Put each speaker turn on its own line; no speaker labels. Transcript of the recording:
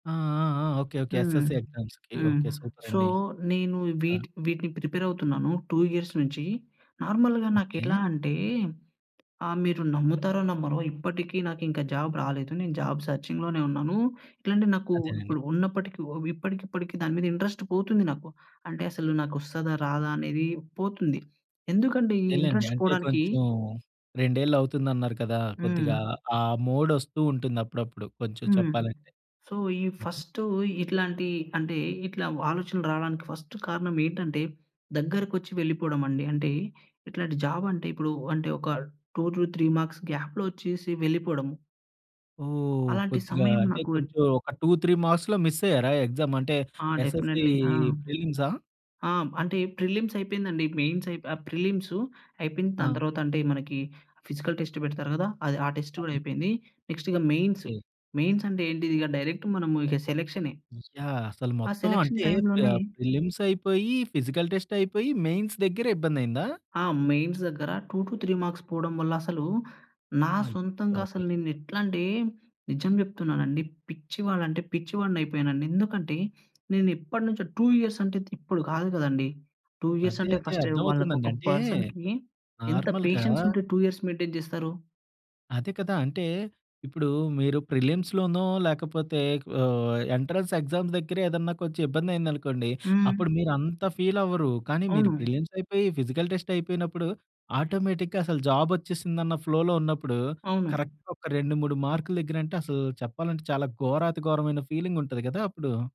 ఆ! ఆ! ఆ! ఓకే. ఓకే.
హ్మ్.
ఎస్ఎస్‌సీ ఎగ్జామ్స్‌కి.
హ్మ్.
ఓకే.
సో,
సూపరండి.
నేను
ఆ!
వీటి వీటిని ప్రిపేరవుతున్నాను. 2 ఇయర్స్ నుంచి. నార్మల్‌గా
ఓకే.
నాకెట్లా అంటే, ఆహ్, మీరు నమ్ముతారో, నమ్మరో ఇప్పటికి నాకింకా జాబ్ రాలేదు. నేను జాబ్ సర్చింగ్‌లోనే ఉన్నాను. ఇట్లాంటియి నాకు
అదేలేండి.
ఇప్పుడు ఉన్నప్పటికి ఒ ఇప్పటికిప్పటికి దాని మీద ఇంట్రస్ట్ పోతుంది నాకు. అంటే, అసలు నాకొస్తాదా, రాదా అనేది పోతుంది. ఎందుకంటే ఈ
అదేలేండి.
ఇంట్రస్ట్
అంటే
పోడానికి
కొంచుం రెండేళ్ళవుతుందన్నారు కదా!
హ్మ్.
కొద్దిగా ఆ మోడొస్తూ ఉంటుందప్పుడప్పుడు కొంచుం
హ్మ్.
చెప్పాలంటే.
సో, ఈ
హుహు.
ఫస్ట్ ఇట్లాంటి అంటే, ఇట్లా ఓ ఆలోచనలు రావడానికి ఫస్ట్ కారణమేంటంటే, దగ్గరకొచ్చి వెళ్లిపోడమండి. అంటే, ఇట్లాంటి జాబంటే ఇప్పుడు అంటే ఒక 2-3 ‌ మార్క్స్ గ్యాప్‌లో ఒచ్చేసి వెళ్ళిపోడం.
ఓహ్!
అలాంటి
కొద్దిగా
సమయం
అంటే,
నాకు
కొంచుం ఒక 2, 3 మార్క్స్‌లో మిస్సయ్యారా ఎగ్జా‌మ్ అంటే,
ఆ!
SSC
definitely. ఆ!
ప్రిలిమ్సా?
ఆ! అంటే, ప్రిలిమ్స్ అయిపోయిందండి. మెయిన్సయి ఆహ్, ప్రిలిమ్స్ అయిపోయింది. దాని
ఆ!
తర్వాతంటే, మనకి ఫిజికల్ టెస్ట్ పెడతారు గదా! అది, ఆ టెస్ట్ గూడా
కానీ
అయిపోయింది. నెక్స్టిగ మెయిన్స్.
ఓకే.
మెయిన్సంటే ఏంటిదిగ డైరెక్ట్ మనం ఇక సెలక్షనే.
యాహ్! అసలు
ఆ
మొత్తం
సెలక్షన్
అంటే ప
టైమ్‌లోనే
ప్రిలిమ్సయిపోయి, ఫిజికల్ టెస్టయిపోయి, మెయిన్స్ దగ్గర ఇబ్బందయిందా?
ఆ! మెయిన్స్ దగ్గర 2-3 ‌ మార్క్స్ పోడం వల్ల, అసలు నా
అయ్య
సొంతంగసలు
బాబోయ్!
నేనెట్లాంటే, నిజం చెప్తున్నానండి పిచ్చివాడు అంటే పిచ్చివాడినయిపోయానండి. ఎందుకంటే, నేను ఎప్పటినుంచో 2 ఇయర్స్ త్ అంటే, ఇప్పుడు కాదు కదండీ. 2
అదే.
ఇయర్సంటే
అదే.
ఫస్ట్‌టైమ్
అర్థమవుతుందండి.
వాళ్ళకొక
అంటే,
పర్సన్‌కి ఎంత
నార్మల్‌గా
పేషెన్సుంటే 2 ఇయర్స్ మెయింటేన్ చేస్తారు?
అదే కదా! అంటే, ఇప్పుడూ మీరు ప్రిలిమ్స్‌లోనో, లేకపోతే ఓ ఎంట్రన్స్ ఎగ్జామ్స్ దగ్గరే ఏదన్నా కొంచెం ఇబ్బందయిందనుకోండి,
హ్మ్.
అప్పుడు మీరు అంత ఫీలవ్వరు, కానీ మీరు
అవును.
ప్రిలిమ్సయిపోయి, ఫిజికల్ టెస్టయిపోయినప్పుడు, ఆటోమేటిక్‌గా అసలు జాబొచ్చేసిందన్న ఫ్లోలో ఉన్నప్పుడు
అవును.
కరక్ట్‌గా ఒక 2, 3 మార్కుల దగ్గరంటే అసలు చెప్పాలంటే, చాలా ఘోరాతిఘోరమైన ఫీలింగుంటది గదా! అప్పుడు.